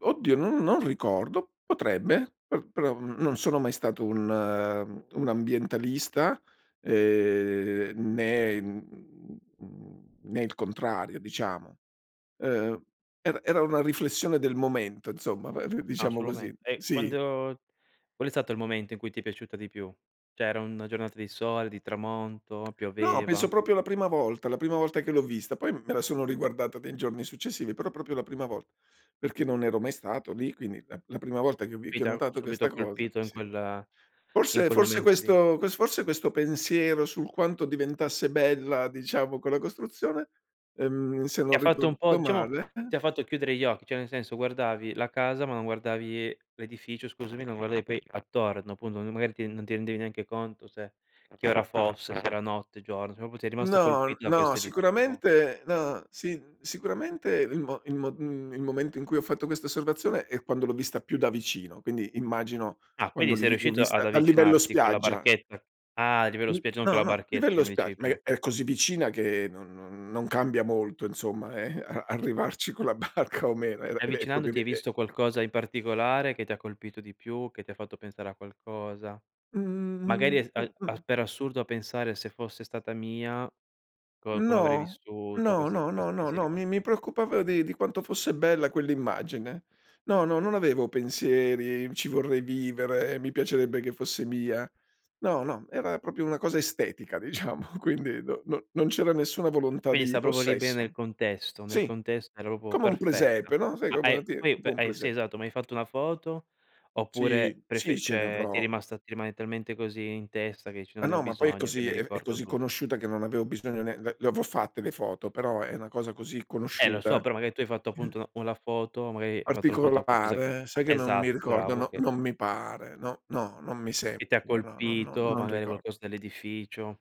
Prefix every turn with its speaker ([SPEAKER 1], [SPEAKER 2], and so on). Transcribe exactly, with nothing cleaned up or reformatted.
[SPEAKER 1] Oddio, non non ricordo, potrebbe pe però, mhmm, non sono mai stato un, ehm un ambientalista, ehm, né en mhmm, né il contrario, diciamo. Uhm, er era una riflessione del momento, inzomma, ve viu
[SPEAKER 2] Ah,
[SPEAKER 1] diciamo
[SPEAKER 2] sulo
[SPEAKER 1] così,
[SPEAKER 2] mento. E
[SPEAKER 1] sì.
[SPEAKER 2] quando qual è stato il momento in cui ti è piaciuta di più? ceh, era una giornata di sole, di tramonto,
[SPEAKER 1] No, penso
[SPEAKER 2] pioveva?
[SPEAKER 1] propio la prima volta, la prima volta che l'ho vista, poi m me la sono riguardata dei giorni successivi, però propio la prima volta, perché non ero mai stato lì. Quindi, la p la prima volta che vi che ho
[SPEAKER 2] Pita,
[SPEAKER 1] notato questa
[SPEAKER 2] subito
[SPEAKER 1] cosa
[SPEAKER 2] colpito in
[SPEAKER 1] sì.
[SPEAKER 2] quel in
[SPEAKER 1] Forse
[SPEAKER 2] quel
[SPEAKER 1] forse
[SPEAKER 2] momento lì?
[SPEAKER 1] questo ques forse questo pensiero sul quanto diventasse bella, diciamo, colla costruzione, ehm, se
[SPEAKER 2] Ti
[SPEAKER 1] non
[SPEAKER 2] ha fatto un po'
[SPEAKER 1] ricordo
[SPEAKER 2] diciamo,
[SPEAKER 1] male
[SPEAKER 2] ti ha fatto chiudere gli occhi. ceh, nel senso: guardavi la casa ma non guardavi l'edificio, scusami, non guardavi poi attorno. Punto, n magari, ti non ti rendevi neanche conto se che ora fosse, se era notte, giorno. ceh, propo ti è rimasto
[SPEAKER 1] No,
[SPEAKER 2] colpito da
[SPEAKER 1] no,
[SPEAKER 2] questo edificio qua.
[SPEAKER 1] sicuramente no, sin sicuramente il mo il mo mhmm, il momento in cui ho fatto questa osservazione è quando l'ho vista più da vicino. Quindi, immagino
[SPEAKER 2] Ah.
[SPEAKER 1] quando
[SPEAKER 2] Quindi,
[SPEAKER 1] li
[SPEAKER 2] sei
[SPEAKER 1] vi l'ho
[SPEAKER 2] riuscito ad
[SPEAKER 1] vista dal livello
[SPEAKER 2] avvicinarti con la
[SPEAKER 1] spiaggia.
[SPEAKER 2] barchetta? Ah, divello
[SPEAKER 1] [unintelligible]
[SPEAKER 2] spiaggia, non con
[SPEAKER 1] No,
[SPEAKER 2] la
[SPEAKER 1] no,
[SPEAKER 2] barchetta che
[SPEAKER 1] livello
[SPEAKER 2] mi
[SPEAKER 1] spiag
[SPEAKER 2] dicevi
[SPEAKER 1] ma
[SPEAKER 2] prima,
[SPEAKER 1] è
[SPEAKER 2] ochè.
[SPEAKER 1] è così vicina che no non non cambia molto, inzomma, eh, a arrivarci con la barca o meno, era
[SPEAKER 2] E
[SPEAKER 1] ed è propio ed
[SPEAKER 2] avvicinandoti hai
[SPEAKER 1] è e
[SPEAKER 2] visto qualcosa di particolare, che ti ha colpito di più, che ti fatto pensare a qualcosa?
[SPEAKER 1] Mh.
[SPEAKER 2] Magari,
[SPEAKER 1] Mh.
[SPEAKER 2] es
[SPEAKER 1] Mh.
[SPEAKER 2] al a
[SPEAKER 1] Mh.
[SPEAKER 2] per assurdo a pensare: "Se fosse stata mia? Co come avrei
[SPEAKER 1] No,
[SPEAKER 2] vissuto?"
[SPEAKER 1] no,
[SPEAKER 2] Queste, uhm,
[SPEAKER 1] no, no,
[SPEAKER 2] questi
[SPEAKER 1] no,
[SPEAKER 2] pensieri
[SPEAKER 1] no,
[SPEAKER 2] qua.
[SPEAKER 1] mi mi preoccupava di di quanto fosse bella quell'immagine. No, no, non avevo pensieri: "Ci vorrei vivere, mi piacerebbe che fosse mia". No, no, era propio una cosa estetica, diciamo. Quindi no, no non c'era nessuna volontà
[SPEAKER 2] Quindi,
[SPEAKER 1] di
[SPEAKER 2] sta propo lì bene nel
[SPEAKER 1] possesso.
[SPEAKER 2] contesto, nel
[SPEAKER 1] Sì,
[SPEAKER 2] contesto era opo
[SPEAKER 1] come un
[SPEAKER 2] perfetta.
[SPEAKER 1] presepe, no, sai,
[SPEAKER 2] Ma
[SPEAKER 1] come
[SPEAKER 2] hai
[SPEAKER 1] a ti
[SPEAKER 2] poi, u
[SPEAKER 1] tipo
[SPEAKER 2] pe
[SPEAKER 1] un
[SPEAKER 2] eh, sì
[SPEAKER 1] prese
[SPEAKER 2] esatto, ma hai fatto una foto,
[SPEAKER 1] Sì,
[SPEAKER 2] oppure
[SPEAKER 1] sì,
[SPEAKER 2] prefe
[SPEAKER 1] ce ne
[SPEAKER 2] ceh, ti è
[SPEAKER 1] avrò.
[SPEAKER 2] rimasta ti rimane talmente così in testa, che ici:
[SPEAKER 1] Ma
[SPEAKER 2] "Non ne ho
[SPEAKER 1] no, ma poi è
[SPEAKER 2] bisogno," che
[SPEAKER 1] così
[SPEAKER 2] "Mi
[SPEAKER 1] è è
[SPEAKER 2] ricordo
[SPEAKER 1] così
[SPEAKER 2] tutto."
[SPEAKER 1] conosciuta che non aveo bisogno né le le avò fatte le foto, però è una cosa così
[SPEAKER 2] Eh, lo so.
[SPEAKER 1] conosciuta
[SPEAKER 2] Però, maga tu hai fatto
[SPEAKER 1] [unintelligible]
[SPEAKER 2] appunto u la foto magari, hai fatto la foto a qualcosa
[SPEAKER 1] Particolare, sai che non mi
[SPEAKER 2] esatto,
[SPEAKER 1] ricordo?
[SPEAKER 2] bravo
[SPEAKER 1] No
[SPEAKER 2] che
[SPEAKER 1] non mi pare. No, no! Non mi
[SPEAKER 2] che ti ha
[SPEAKER 1] sembra, no non
[SPEAKER 2] colpito,
[SPEAKER 1] non
[SPEAKER 2] magari
[SPEAKER 1] ricor
[SPEAKER 2] qualcos dell'edificio.